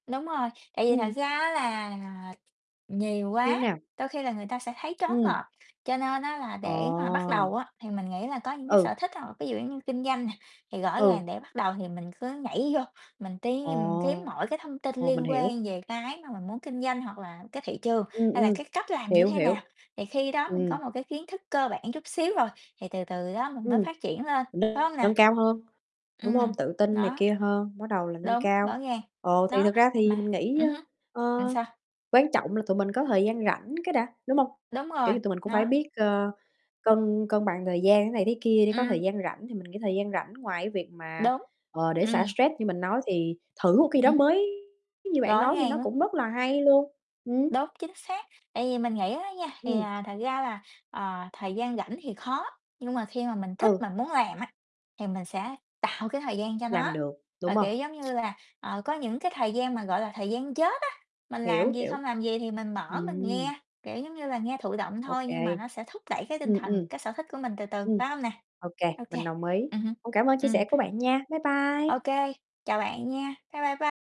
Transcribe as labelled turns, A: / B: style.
A: Đúng rồi, tại vì thật
B: Ừm.
A: ra á là nhiều
B: Như
A: quá
B: nào?
A: đôi khi là người ta sẽ thấy choáng
B: Ừm.
A: ngợp, cho nên á là để mà bắt đầu
B: Ờ!
A: á thì mình nghĩ là có những cái
B: Ừ.
A: sở thích hoặc là ví dụ giống như kinh doanh nè, thì rõ
B: Ừ.
A: ràng để bắt đầu thì mình cứ nhảy vô mình tìm kiếm
B: Ồ!
A: mọi cái thông tin
B: Ồ, mình
A: liên
B: hiểu.
A: quan về cái mà mình muốn kinh doanh, hoặc là cái thị trường
B: Ừm,
A: hay là
B: ừm.
A: cái cách làm như
B: Hiểu,
A: thế
B: hiểu.
A: nào. Thì khi đó mình có
B: Ừm.
A: một cái kiến thức cơ bản chút xíu rồi thì từ từ đó mình mới
B: Ừm,
A: phát triển lên, phải hông nè?
B: nâng cao hơn, đúng hông?
A: Ừm,
B: Tự tin này
A: đó.
B: kia hơn, bắt đầu là nâng
A: Đúng,
B: cao.
A: rõ ràng,
B: Ồ, thì
A: đó,
B: thực ra thì
A: mà
B: mình nghĩ,
A: ừm hứm,
B: ơ,
A: là
B: ơ,
A: sao?
B: quan trọng là tụi mình có thời gian rảnh cái đã, đúng hông?
A: Đúng
B: Kiểu
A: rồi,
B: như tụi mình cũng phải
A: nó
B: biết, ờ, cân cân bằng thời gian thế này thế kia để có
A: Ừm.
B: thời gian rảnh. Thì mình cái thời gian rảnh ngoài cái việc mà,
A: Đúng,
B: ờ, để xả
A: ừm.
B: stress như mình nói, thì thử một cái gì đó
A: Ừm hứm.
B: mới như bạn
A: Rõ
B: nói thì
A: ràng
B: nó
A: luôn.
B: cũng rất là hay luôn, ừm.
A: Đúng, chính xác. Tại vì mình nghĩ á nha thì,
B: Ừm.
A: à, thật ra là, ờ, thời gian rảnh thì khó nhưng mà khi mà mình thích
B: Ừ.
A: mà muốn làm á thì mình sẽ tạo cái thời gian cho nó.
B: Làm được,
A: Và,
B: đúng hông?
A: kiểu giống như là, ờ, có những cái thời gian mà gọi là thời gian chết á, mình làm
B: Hiểu,
A: gì,
B: hiểu.
A: không làm gì thì mình mở mình
B: Ừm.
A: nghe, kiểu giống như là, nghe thụ động
B: OK.
A: thôi nhưng mà nó sẽ thúc đẩy cái tinh
B: Ừm,
A: thần,
B: ừm.
A: cái sở thích của mình từ từ,
B: Ừm,
A: phải hông nè?
B: OK,
A: OK,
B: mình đồng ý.
A: ừm hứm,
B: Cũng cảm ơn chia
A: ừm.
B: sẻ của bạn nha. Bye
A: OK,
B: bye.
A: chào bạn nha, bye bye, bye.